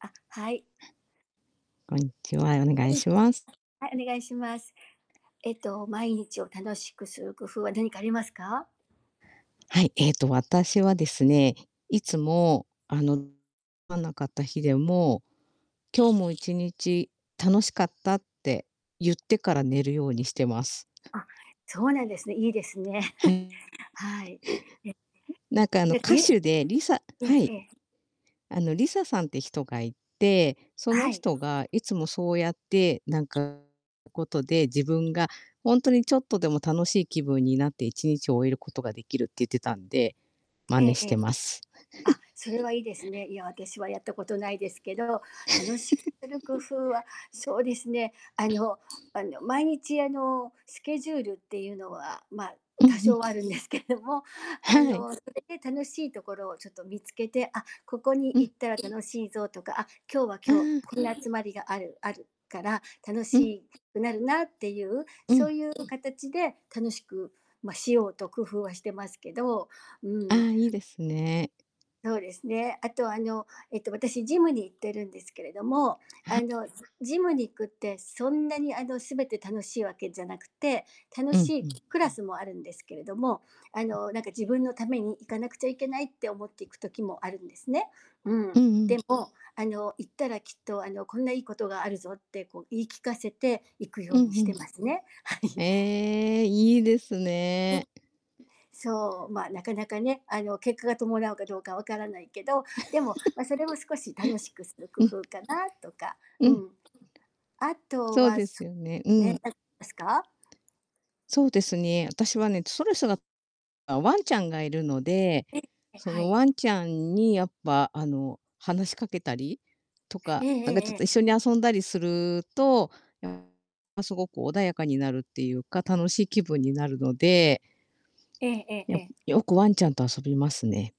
あ、はい。こんにちは、お願いはい。します。はい、お願いします。えっと、毎日を楽しくする工夫は何かありますか？はい、えっと、私はですね、いつも、あのわなかった日でも、「今日も一日楽しかった」ってゆってから、寝るようにしてます。あ、そうなんですね、いいですね。はい。えなんか、あの、で、歌いえ手でリサええはえい。え。あの、リサさんって人がいて、そのはい。人が、いつもそうやって、なんか、ことで、自分がほんとにちょっとでも楽しい気分になって、一日を終えることができるって言ってたんで、真え似えしえてえ。ます。あ、それはいいですね。いや、私はやったことないですけど、楽し、する工夫は、そうですね、あのあの、毎日、あの、スケジュールってゆうのは、まあ、うんう多ん。少はあるんですけども、あはい。の、それで楽しいところをちょっと見つけて「あ、ここにう行ん。ったら楽しいぞ」とか、あ、今日はう今日、ーん。こんな集まりがあるあるから楽しうん。いくなるなってゆう、うそん。うゆうかたちで、楽しく、ま、しようと工夫はしてますけど。うあーん。あ、いいですね。そうですね。あと、あの、えっと、私ジムに行ってるんですけれども、はああ。の、ずジムに行くってそんなに、あの、全て楽しいわけじゃなくて、楽うんしういん。クラスもあるんですけれども、あの、なんか自分のために行かなくちゃいけないって思って行く時もあるんですね。ううん。んうでん。もあの、行ったらきっと、あの、こんないいことがあるぞって、こう、言い聞かせて行くうようんにしうてますね。はん。い。ええ、いいですね。そう、まあ、なかなかね、あの、結果が伴うかどうか分からないけど、でも、ま、それも、少し楽しくする工うん。夫かなとか。ううん。ん。あとそうは、ですそよね、うね、ん。なんですか？そうですね、あたしはね、ストレスがあ、ワンちゃんがいるので、ええ。え、そはのい。ワンちゃんに、やっぱ、あの、話しかけたりとえか、えなんえかえちょっええ。と一緒に遊んだりすると、ま、すごく穏やかになるってゆうか、楽しい気分になるのでえええええやえ。よく、ワンちゃんと遊びますね。